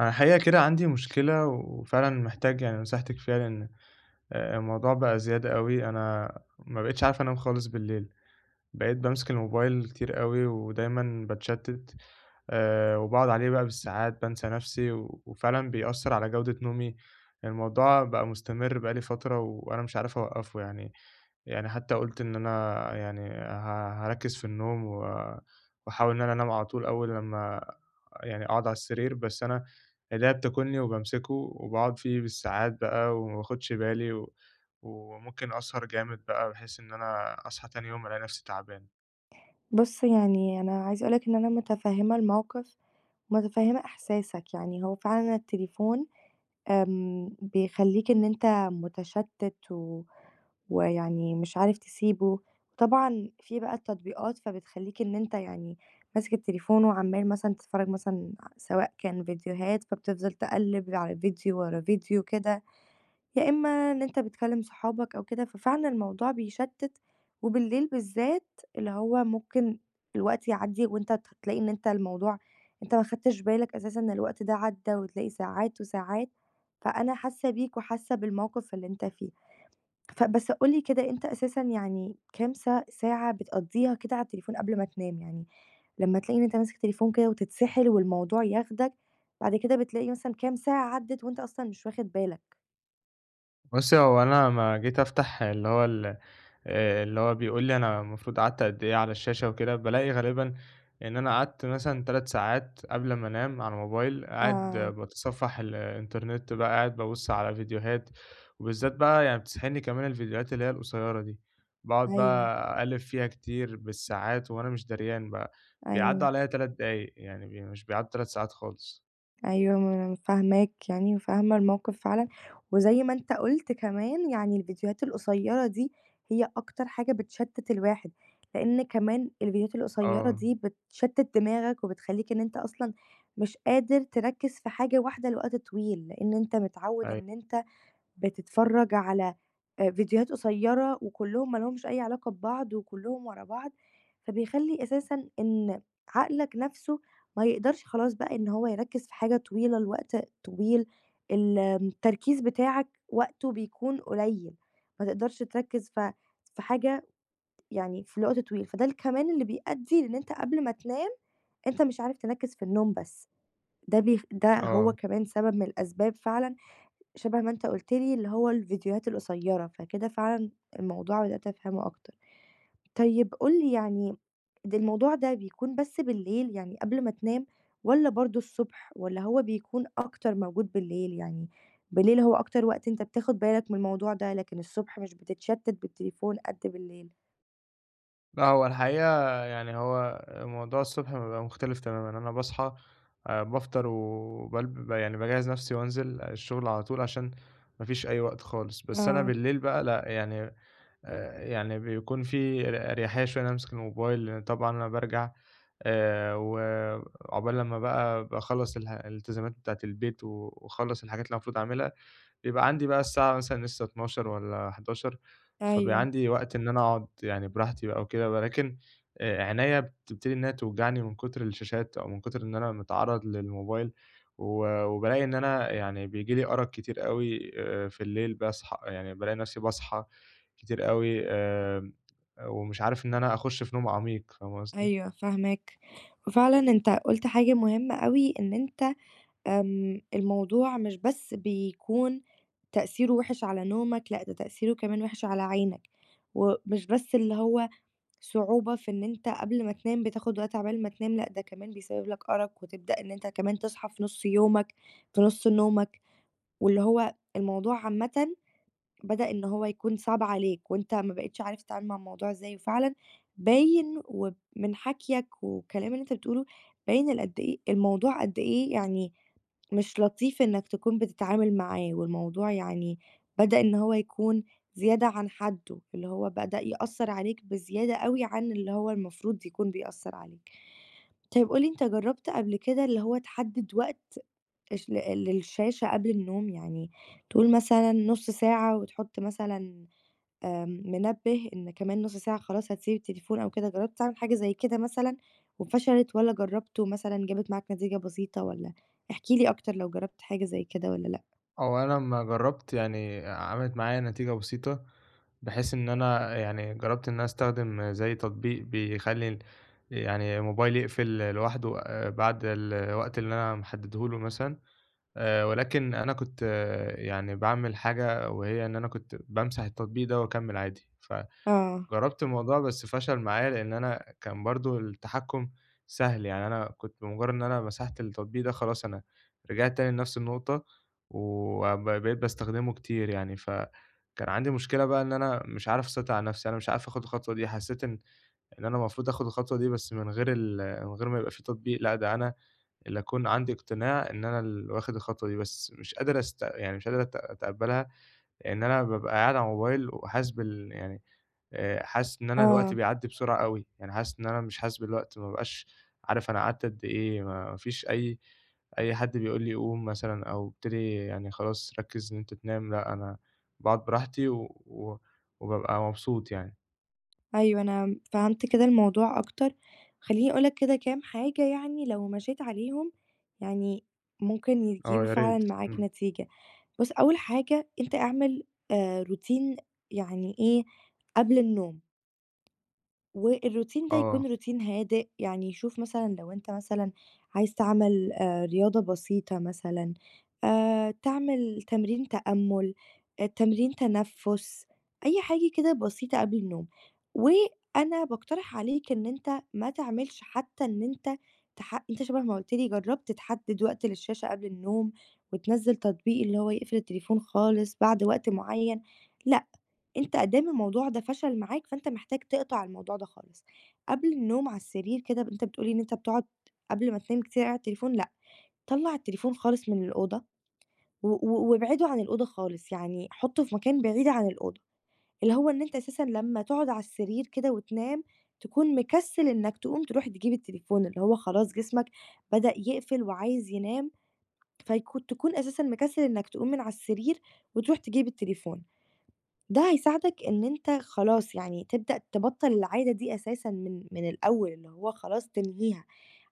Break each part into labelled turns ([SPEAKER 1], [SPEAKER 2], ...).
[SPEAKER 1] أنا الحقيقة كده عندي مشكلة وفعلًا محتاج يعني نصيحتِك فيها لأن الموضوع بقى زيادة أوي، أنا ما بقيتش عارف أنام خالص بالليل، بقيت بامسك الموبايل كتير أوي ودايمًا باتشتّت آآ، وباقعد عليه بقى بالساعات بانسى نفسي، وفعلًا بيأثّر على جودة نومي، الموضوع بقى مستمر بقى لي فترة وأنا مش عارف أوقّفه يعني، يعني حتى قُلت إن أنا يعني ها هاركِّز في النوم و وأحاول إن أنا أنام على طول أول لمّا يعني أقعد على السرير بس أنا إيديّا بتاكلني وبامسكه وباقعد فيه بالساعات بقى وما باخدش بالي و وممكن أسهر جامد بقى بحيث إن أنا أصحى تاني يوم ألاقي نفسي تعبان.
[SPEAKER 2] بُصّ، يعني أنا عايزة أقول لك إن أنا متفهّمة الموقِف متفهّمة إحساسك يعني هو فعلًا التليفون امم، بيخلّيك إن أنت مُتشتّت و ويعني مش عارف تسيبُه، طبعًا في بقى التطبيقات فبتخلّيك إن أنت يعني ماسك التليفون وعَمّال مثلًا تتفرّج مثلًا ع سواء كان فيديوهات فبتفضل تقلّب على فيديو ورا فيديو كده، يا إمّا إن أنت بتكلّم صحابك أو كده، ففعلًا الموضوع بيشتِّت وبالليل بالذات اللي هو ممكن الوقت يعدّي وأنت ت هتلاقي إن أنت الموضوع أنت ما خدتش بالك أساسًا إن الوقت ده عدّى وتلاقي ساعات وساعات، فأنا حاسة بيك وحاسة بالموقف اللي أنت فيه. ف بس قُل لي كده أنت أساسًا يعني كام ساع ساعة بتقضّيها كده على التليفون قبل ما تنام، يعني لمّا تلاقي إن أنت ماسك التليفون كده وتتسحل والموضوع ياخدك، بعد كده بتلاقي مثلًا كام ساعة عدِّت وأنت أصلًا مش واخد بالك.
[SPEAKER 1] بُصّي، هو أنا أمّا جيت أفتح اللي هو ال آآ، اللي هو بيقول لي أنا المفروض قعدت قد إيه على الشاشة وكده، بالاقي غالباً إن أنا قعدت مثلًا 3 ساعات قبل ما أنام على الموبايل قاعد
[SPEAKER 2] آه.
[SPEAKER 1] باتصفّح الإنترنت بقى قاعد بابُصّ على فيديوهات وبالذات بقى يعني بتسحلني كمان الفيديوهات اللي هي القصيّرة دي، باقعد
[SPEAKER 2] أيوه.
[SPEAKER 1] بقى أقلّب فيها كتير بالساعات وأنا مش دريان بقى بيعدّوا
[SPEAKER 2] أيوه.
[SPEAKER 1] عليَّ 3 دقايق يعني مش بيعدّوا 3 ساعات خالص.
[SPEAKER 2] أيوه، ما أنا فاهماك يعني وفاهمة الموقف فعلًا، وزي ما أنت قُلت كمان يعني الفيديوهات القصيّرة دي هي أكتر حاجة بتشتِّت الواحد، لأن كمان الفيديوهات القصيرة
[SPEAKER 1] آه.
[SPEAKER 2] دي بتشتِّت دماغك وبتخلّيك إن أنت أصلًا مش قادر تركِّز في حاجة واحدة لوقت طويل، لأن إن أنت متعوّد
[SPEAKER 1] أيوه.
[SPEAKER 2] إن أنت بتتفرّج على آآ فيديوهات قصيّرة وكلّهم ما لهُمش أي علاقة ببعض وكلّهم ورا بعض، فبيخلّي أساساً إن عقلك نفسُه ما يقدرش خلاص بقى إن هو يركِّز في حاجة طويلة لوقت طويل ال التركيز بتاعك وقتُه بيكون قليّل، ما تقدرش تركِّز في في حاجة يعني في الوقت طويل، فده الكمان اللي بيأدّي إن أنت قبل ما تنام أنت مش عارف تركِّز في النوم بس، ده بي ده هو
[SPEAKER 1] آه.
[SPEAKER 2] كمان سبب من الأسباب فعلًا شبه ما أنت قُلت لي اللي هو الفيديوهات القصيّرة فكده فعلًا الموضوع بدأت أفهمُه أكتر. طيب قُل لي يعني الموضوع ده بيكون بس بالليل يعني قبل ما تنام، والَّا برضه الصبح والَّا هو بيكون أكتر موجود بالليل يعني بالليل هو أكتر وقت أنت بتاخد بالك من الموضوع ده، لكن الصبح مش بتتشتِّت بالتليفون قدّ بالليل؟
[SPEAKER 1] لأ، هو الحقيقة يعني هو الموضوع الصبح بيبقى مختلف تمامًا، أنا باصحى آآ، بافطر وبالب ب يعني باجهّز نَفْسي وأنزل الشُغل على طول عشان ما فيش أي وقت خالص، بس أنا
[SPEAKER 2] آه.
[SPEAKER 1] بالليل بقى لأ، يعني آآ، يعني بيكون في ر أريحية شوية إن أنا أمسك الموبايل لإن طبعًا أنا بارجع آآ، وعُقبال لمّا بقى باخلّص الح الإلتزامات بتاعة البيت و وأخلّص الحاجات اللي أنا المفروض أعملها، بيبقى عندي بقى الساعة مثلًا لسه 00:00 والّا 23:00، فبيبقى
[SPEAKER 2] أيوه.
[SPEAKER 1] عندي وقت إن أنا أقعد يعني براحتي بقى وكده، ولكن آآ، عينيا بتبتدي إن هي توجعني من كُتر الشاشات، أو من كُتر إن أنا متعرّض للموبايل و وبالاقي إن أنا يعني بييجي لي أَرَق كتير أوي آآ، في الليل باصحى آآ، يعني بالاقي نَفْسي باصحى كتير أوي آمم، ومش عارف إن أنا أخُشّ في نوم عميق فاهمة قصدي؟
[SPEAKER 2] أيوه فاهماك، وفعلًا أنت قُلت حاجة مهمّة أوي إن أنت آمم، الموضوع مش بس بيكون تأثيرُه وِحِش على نومك لأ، ده تأثيرُه كمان وِحِش على عينك، ومش بس اللي هو صعوبة في إن أنت قبل ما تنام بتاخُد وقت عقبال ما تنام لأ، ده كمان بيسبّب لك أَرَق وتبدأ إن أنت كمان تصحى في نُصّ يومك في نُصّ نومك، واللي هو الموضوع عامةً بدأ إن هو يكون صعب عليك وأنت ما بقيتش عارف تتعامل مع الموضوع إزاي وفعلًا باين وب من حكيَك والكلام اللي أنت بتقولُه باين ال قدّ إيه الموضوع قدّ إيه يعني مش لطيف إنّك تكون بتتعامل معاه والموضوع يعني بدأ إن هو يكون زيادة عن حدُّه، اللي هو بدأ يأثّر عليك بزيادة أوي عن اللي هو المفروض يكون بيأثّر عليك. طيب قُل لي أنت جرّبت قبل كده اللي هو تحدِّد وقت الش ل للشاشة قبل النوم يعني تقول مثلًا نُصّ ساعة وتحُطّ مثلًا آآ، منبِّه إن كمان نُصّ ساعة خلاص هتسيب التليفون أو كده جرّبت تعمل حاجة زي كده مثلًا وفشلِت، والَّا جرّبت ومثلًا جابت معاك نتيجة بسيطة، والَّا احكِ لي أكتر لو جرّبت حاجة زي كده والَّا لأ؟
[SPEAKER 1] هو أنا أمّا جرّبت يعني آآ، عَمَلِت معايا نتيجة بسيطة، بحيث إن أنا يعني جرّبت إن أنا أستخدم زي تطبيق بيخلّي ال يعني الموبايل يقفل ل لوحده آآ، بعد الوقت اللي أنا محدّده له مثلًا آآ، ولكن أنا كنت يعني باعمل حاجة وهي إن أنا كنت بامسح التطبيق ده وأكمّل عادي، ف
[SPEAKER 2] آه.
[SPEAKER 1] جرّبت الموضوع بس فَشَل معايا لإن أنا كان برضه التحكّم سهل يعني أنا كنت بمُجرّد إن أنا مسحت التطبيق ده خلاص أنا رجعت تاني لنَفْس النقطة و ب بقيت باستخدمه كتير يعني، ف كان عندي مشكلة بقى إن أنا مش عارف أسيطر على نَفْسي، أنا مش عارف آخُد الخطوة دي حسّيت إن إن أنا المفروض آخُد الخطوة دي بس من غير ال من غير ما يبقى في تطبيق لأ، ده أنا اللي أكون عندي إقتناع إن أنا اللي واخد الخطوة دي بس مش قادر أست يعني مش قادر أت أتقبّلها إن أنا بابقى قاعد على الموبايل وحاسس بال يعني آآ، حاسس إن أنا الوقت
[SPEAKER 2] آه.
[SPEAKER 1] بيعدّي بسرعة أوي، يعني حاسس إن أنا مش حاسس بالوقت ما بابقاش عارف أنا قعدت قدّ إيه ما فيش أي أي حد بيقول لي قوم مثلًا، أو ابتدي يعني خلاص ركّز إن أنت تنام لأ، أنا باقعد براحتي و وبابقى مبسوط يعني.
[SPEAKER 2] أيوه، أنا م فهمت كده الموضوع أكتر، خلّيني أقول لك كده كام حاجة يعني لو مشيت عليهم يعني ممكن
[SPEAKER 1] آه
[SPEAKER 2] يجيبوا
[SPEAKER 1] يا ريت،
[SPEAKER 2] فعلًا معاك
[SPEAKER 1] إمم.
[SPEAKER 2] نتيجة، بُصّ، أول حاجة أنت اعمل آآ، routine يعني إيه، قبل النوم والroutine ده
[SPEAKER 1] آه.
[SPEAKER 2] يكون routine هادئ، يعني شوف مثلًا لو أنت مثلًا عايز تعمل آآ، رياضة بسيطة مثلًا آآ، تعمل تمرين تأمُّل، آآ، تمرين تنفُّس، أي حاجة كده بسيطة قبل النوم، وأنا باقترح عليك إن أنت ما تعملش حتى إن أنت تح أنت شبه ما قُلت لي جرّبت تحدّد وقت للشاشة قبل النوم، وتنزّل تطبيق اللي هو يقفل التليفون خالص بعد وقت معيّن، لأ أنت أدام الموضوع ده فَشَل معاك فأنت محتاج تِقطَع الموضوع ده خالص، قبل النوم على السرير كده ب أنت بتقول لي إن أنت بتقعد قبل ما تنام كتير أوي على التليفون لأ، طلّع التليفون خالص من الأوضة و و وابعدُه عن الأوضة خالص، يعني حُطّه في مكان بعيد عن الأوضة، اللي هو إن أنت أساسًا لمّا تقعد عالسرير كده وتنام، تكون مكسّل إنّك تقوم ترُوح تجيب التليفون، اللي هو خلاص جسمك بدأ يقفل وعايز ينام فيكو تكون أساسًا مكسّل إنّك تقوم من على السرير وترُوح تجيب التليفون، ده هيساعدك إن أنت خلاص يعني تبدأ تبطّل العادة دي أساسًا من من الأول اللي هو خلاص تنهيها،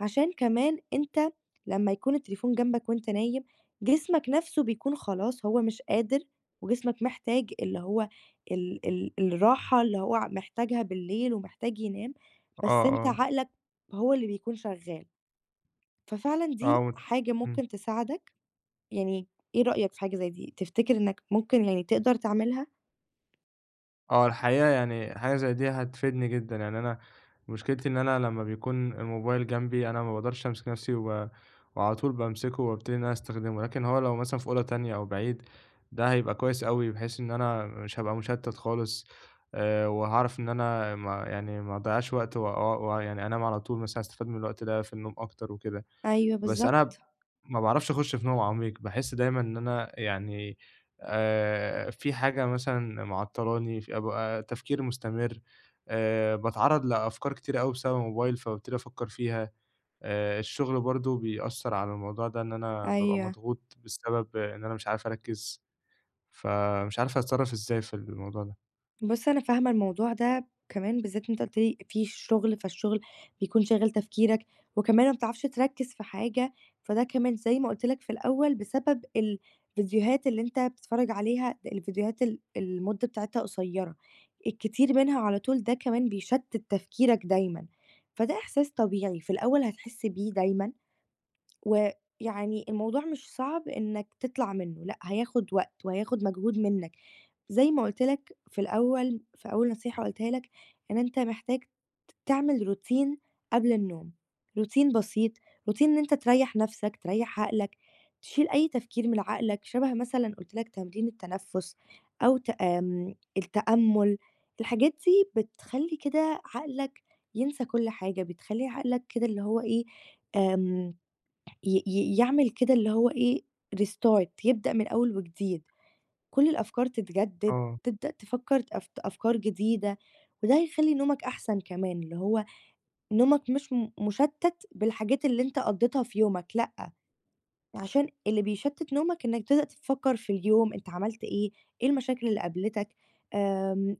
[SPEAKER 2] عشان كمان أنت لمّا يكون التليفون جنبك وأنت نايم، جسمك نَفْسه بيكون خلاص هو مش قادر وجسمك محتاج اللي هو ال ال الراحة اللي هو ع محتاجها بالليل ومحتاج ينام
[SPEAKER 1] آه،
[SPEAKER 2] بس أنت
[SPEAKER 1] آه.
[SPEAKER 2] عقلك هو اللي بيكون شغّال، ففعلًا
[SPEAKER 1] آه،
[SPEAKER 2] دي
[SPEAKER 1] و
[SPEAKER 2] حاجة
[SPEAKER 1] إمم.
[SPEAKER 2] ممكن تساعدك، يعني إيه رأيك في حاجة زي دي، تفتكر إنّك ممكن يعني تقدر تعملها؟
[SPEAKER 1] آه، الحقيقة يعني حاجة زي دي هتفيدني جدًا، يعني أنا مشكلتي إن أنا لمّا بيكون الموبايل جنبي أنا ما باقدرش أمسك نَفْسي و وعلى طول بامسكه وأبتدي إن أنا أستخدمه، لكن هو لو مثلًا في أوضة تانية أو بعيد، ده هيبقى كويس أوي بحيث إن أنا مش هابقى مُشتَّت خالص آآ وهاعرف إن أنا ما يعني ما أضيّعش وقت وآه و ويعني أنام على طول مثلًا أستفاد من الوقت ده في النوم أكتر وكده.
[SPEAKER 2] أيوه
[SPEAKER 1] بس
[SPEAKER 2] بالضبط.
[SPEAKER 1] أنا ب ما باعرفش أخُش في نوم عميق، باحس دايمًا إن أنا يعني آآ في حاجة مثلًا معطّلاني ش أبقى تفكير مستمر، آآ باتعرّض لأفكار كتيرة أوي بسبب الموبايل، فبابتدي أفكّر فيها، آآ الشُغل برضه بيأثّر على الموضوع ده إن أنا بابقى
[SPEAKER 2] أيوه.
[SPEAKER 1] مضغوط بسبب إن أنا مش عارف أركّز، فمش عارف أتصرّف إزاي في الموضوع ده.
[SPEAKER 2] بُص، أنا فاهمة الموضوع ده كمان بالذات أنت قُلت لي في شُغل، فالشُغل بيكون شاغل تفكيرك وكمان ما بتعرفش تركِّز في حاجة، فده كمان زي ما قُلت لك في الأول بسبب الفيديوهات اللي أنت بتتفرّج عليها الفيديوهات ال المدّة بتاعتها قصيّرة، الكتير منها على طول ده كمان بيشتِّت تفكيرك دايمًا، فده إحساس طبيعي. في الأول هتحس بيه دايمًا ويعني الموضوع مش صعب إنّك تطلع منّه لأ، هياخُد وقت وهياخُد مجهود منّك، زي ما قُلت لك في الأول في أول نصيحة قُلتها لك إن أنت محتاج ت تعمل Routine قبل النوم، Routine بسيط، Routine إن أنت تريّح نَفْسك، تريّح عقلك، تشيل أي تفكير من عقلك شَبه مثلًا قُلت لك تمرين التنفُّس أو ت آمم التأمُّل، الحاجات دي بتخلّي كده عقلك ينسى كل حاجة بتخلّي عقلك كده اللي هو إيه، آمم ي ي يعمل كده اللي هو إيه، restart يبدأ من أول وجديد. كُل الأفكار تتجدِّد،
[SPEAKER 1] آه.
[SPEAKER 2] تبدأ تفكّر أف أفكار جديدة وده هيخلّي نومك أحسن كمان اللي هو نومك مش م مشتّت بالحاجات اللي أنت قضّيتها في يومك لأ، علشان اللي بيشتّت نومك إنّك تبدأ تفكّر في اليوم أنت عملت إيه، إيه المشاكل اللي قابلتك، آمم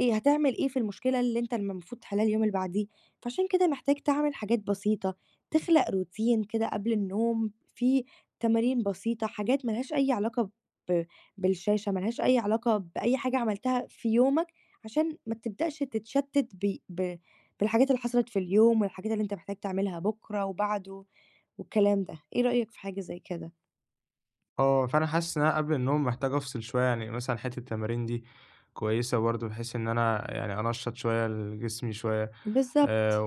[SPEAKER 2] إيه هتعمل إيه في المشكلة اللي أنت الم مفروض تحلّها اليوم اللي بعديه؟ فعلشان كده محتاج تعمل حاجات بسيطة، تخلق Routine كده قبل النوم فيه تمارين بسيطة حاجات ما لهاش أي علاقة ب بالشاشة، مالهاش أي علاقة بأي حاجة عملتها في يومك عشان ما تبدأش تتشتِّت ب ب بالحاجات اللي حصلت في اليوم والحاجات اللي أنت محتاج تعملها بُكرة وبعده والكلام ده، إيه رأيك في حاجة زي كده؟
[SPEAKER 1] آه، فأنا حاسس إن أنا قبل النوم محتاج أفصل شويّة يعني، مثلًا حتّة التمارين دي كويّسة برضه، بحيث إن أنا يعني أنشّط شويّة ال جسمي شويّة، آآ
[SPEAKER 2] بالضبط.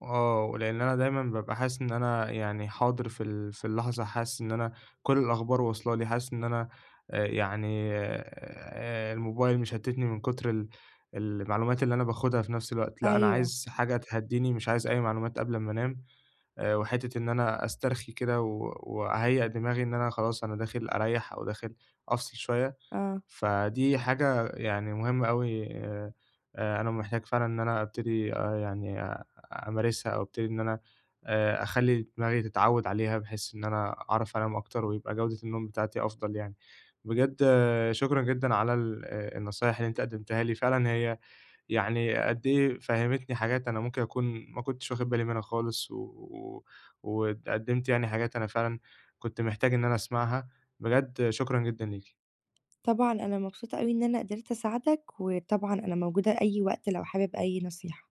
[SPEAKER 1] وآه، ولإن أنا دايمًا ببقى حاسس إن أنا يعني حاضر في ال في اللحظة، حاسس إن أنا كل الأخبار وصلة لي، حاسس إن أنا آآ يعني آآ الموبايل مش مشتتني، من كُتر ال المعلومات اللي أنا باخدها في نفس الوقت، لأ أنا
[SPEAKER 2] أيوه.
[SPEAKER 1] عايز حاجة تهدّيني، مش عايز أي معلومات قبل ما أنام. آآ وحتّة إن أنا أسترخي كده، و وأهيّئ دماغي إن أنا خلاص أنا داخل أريّح، أو داخل أفصل شويّة،
[SPEAKER 2] آه.
[SPEAKER 1] فدي حاجة يعني مُهمة أوي. آآ أنا محتاج فعلًا إن أنا أبتدي آآ يعني آآ أمارسها، أو أبتدي إن أنا آآ أخلّي دماغي تتعوّد عليها، بحيث إن أنا أعرف أنام أكتر، ويبقى جودة النوم بتاعتي أفضل يعني. بجد شكرًا جدًا على ال آآ النصايح اللي أنتِ قدّمتِها لي، فعلًا هي يعني قد إيه فهّمتني حاجات أنا ممكن أكون ما كنتش واخد بالي منها خالص، و و وقدّمتِ يعني حاجات أنا فعلًا كنت محتاج إن أنا أسمّعها، بجد شكرًا جدًا ليكِ.
[SPEAKER 2] طبعًا، أنا مبسوطة أوي إن أنا قدرت أساعدك، وطبعًا أنا موجودة أي وقت لو حابب أي نصيحة.